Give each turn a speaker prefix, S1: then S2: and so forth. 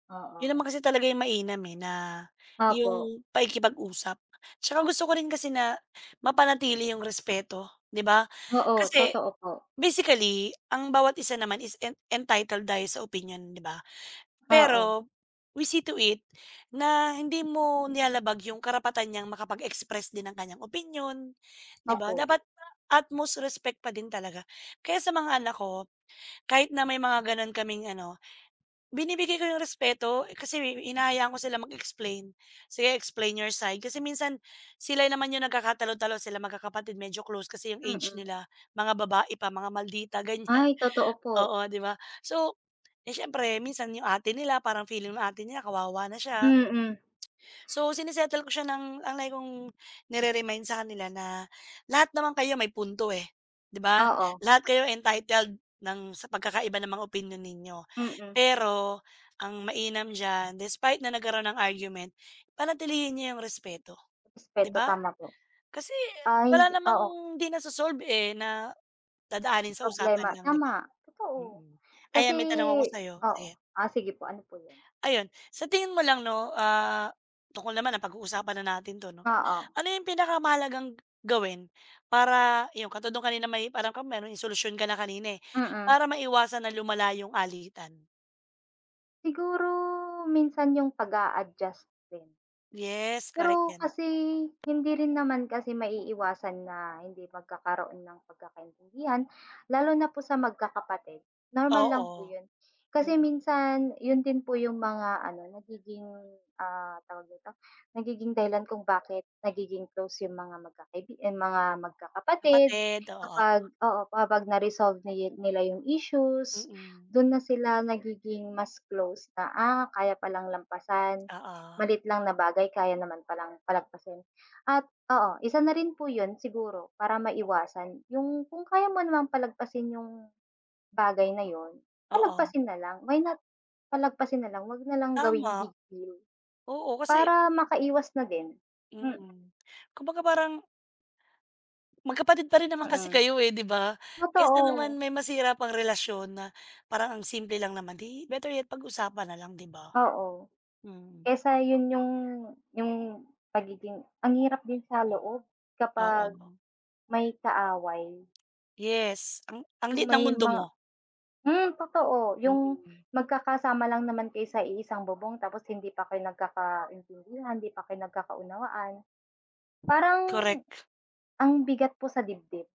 S1: 'Yun
S2: Oo.
S1: naman kasi talaga 'yung mainam, eh, na
S2: Opo.
S1: 'yung pakikipag-usap. Tsaka gusto ko rin kasi na mapanatili 'yung respeto di ba,
S2: Oo,
S1: kasi
S2: totoo po.
S1: basically ang bawat isa naman is en entitled tayo sa opinyon di ba,
S2: Oo.
S1: pero we see to it na hindi mo nilalabag 'yung karapatan niyang makapag-express din ng kaniyang opinyon di ba,
S2: Opo.
S1: dapat at most respect pa din talaga. Kaya sa mga anak ko, kahit na may mga gano'n kaming ano, binibigay ko 'yung respeto kasi hinahayaan ko sila mag-explain. "Sige explain your side," kasi minsan sila naman 'yung nagkakatalo-talo silang magkakapatid medyo close kasi 'yung age
S2: Mm.
S1: nila mga babae pa mga maldita ganiyan.
S2: Ay, totoo po.
S1: Oo, di ba, so, eh, siyempre minsan 'yung ate nila parang feeling ng ate nila kawawa na siya.
S2: Mm.
S1: So sine-settle ko siya, ng ang lagi kong nire-remind sa kanila na, "Lahat naman kayo may punto, eh, di ba,
S2: Oo.
S1: lahat kayo entitled ng sa pagkakaiba ng mga opinyon ninyo.
S2: Mm.
S1: Pero ang mainam diyan, despite na nagkaroon ng argument panatilihin niyo 'yung respeto." Di
S2: Respeto,
S1: ba,
S2: tama po.
S1: kasi
S2: Ay
S1: wala
S2: hindi,
S1: namang
S2: oo.
S1: di naso-solve, eh, na dadaanin sa usapan
S2: Problema
S1: lang di ba?
S2: tama. Totoo,
S1: Mm.
S2: kasi
S1: Ayan may tanong ako sa'yo,
S2: oo.
S1: sige.
S2: Ah, sige po, ano po 'yun.
S1: Ayun, sa tingin mo lang 'no, ah, tutal naman napag-uusapan natin 'to 'no,
S2: Oo.
S1: ano 'yung pinakamahalagang gawin para 'yung katulad nung kanina may alam ka, pero may solusyon ka na kanina, eh,
S2: Mm.
S1: para maiwasan na lumala 'yung alitan?
S2: Siguro minsan 'yung pag-a-adjust din.
S1: Yes, correct
S2: Pero
S1: 'yan.
S2: kasi hindi rin naman kasi maiiwasan na hindi magkakaroon ng 'di pagkakaintindihan lalo na po sa magkakapatid. Normal lang po
S1: Oo,
S2: yun, kasi
S1: mm.
S2: minsan 'yun din po 'yung mga ano, nagiging, ah, tawag nito, nagiging dahilan kung bakit nagiging close 'yung mga magkakaibigan, ay mga, magkakapatid
S1: Kapatid, oo.
S2: kapag oo, kapag na-resolve niye nila 'yung issues,
S1: Mm.
S2: do'n na sila nagiging mas close na, ah, kaya palang lampasan,
S1: Oo.
S2: maliit lang na bagay kaya naman palang palagpasin. At oo, isa na rin po 'yun, siguro para maiwasan 'yung kung kaya mo namang palagpasin 'yung bagay na 'yun,
S1: Oo.
S2: palagpasin na lang why not palagpasin na lang huwag na lang gawing
S1: Tama,
S2: big deal
S1: oo, kasi
S2: para makaiwas na din, mm.
S1: Mm, kumbaga parang Magkapatid pa rin naman kasi
S2: Mm.
S1: kayo, eh, di ba, kaysa naman
S2: Totoo.
S1: may masira pang relasyon na parang ang simple lang naman, eh, better yet pag-usapan nalang di ba,
S2: Oo,
S1: mm.
S2: kaysa 'yun 'yung 'yung pagiging, ang hirap din sa loob kapag
S1: Oo.
S2: may kaaway.
S1: Yes ang ang
S2: 'Yung
S1: liit ng
S2: may
S1: mundo
S2: mga
S1: mo.
S2: hmm, totoo. 'Yung
S1: Mm.
S2: magkakasama lang naman kayo sa iisang bubong, tapos hindi pa kayo nagkakaintindihan, hindi pa kayo nagkakaunawaan parang
S1: Correct.
S2: ang bigat po sa dibdib.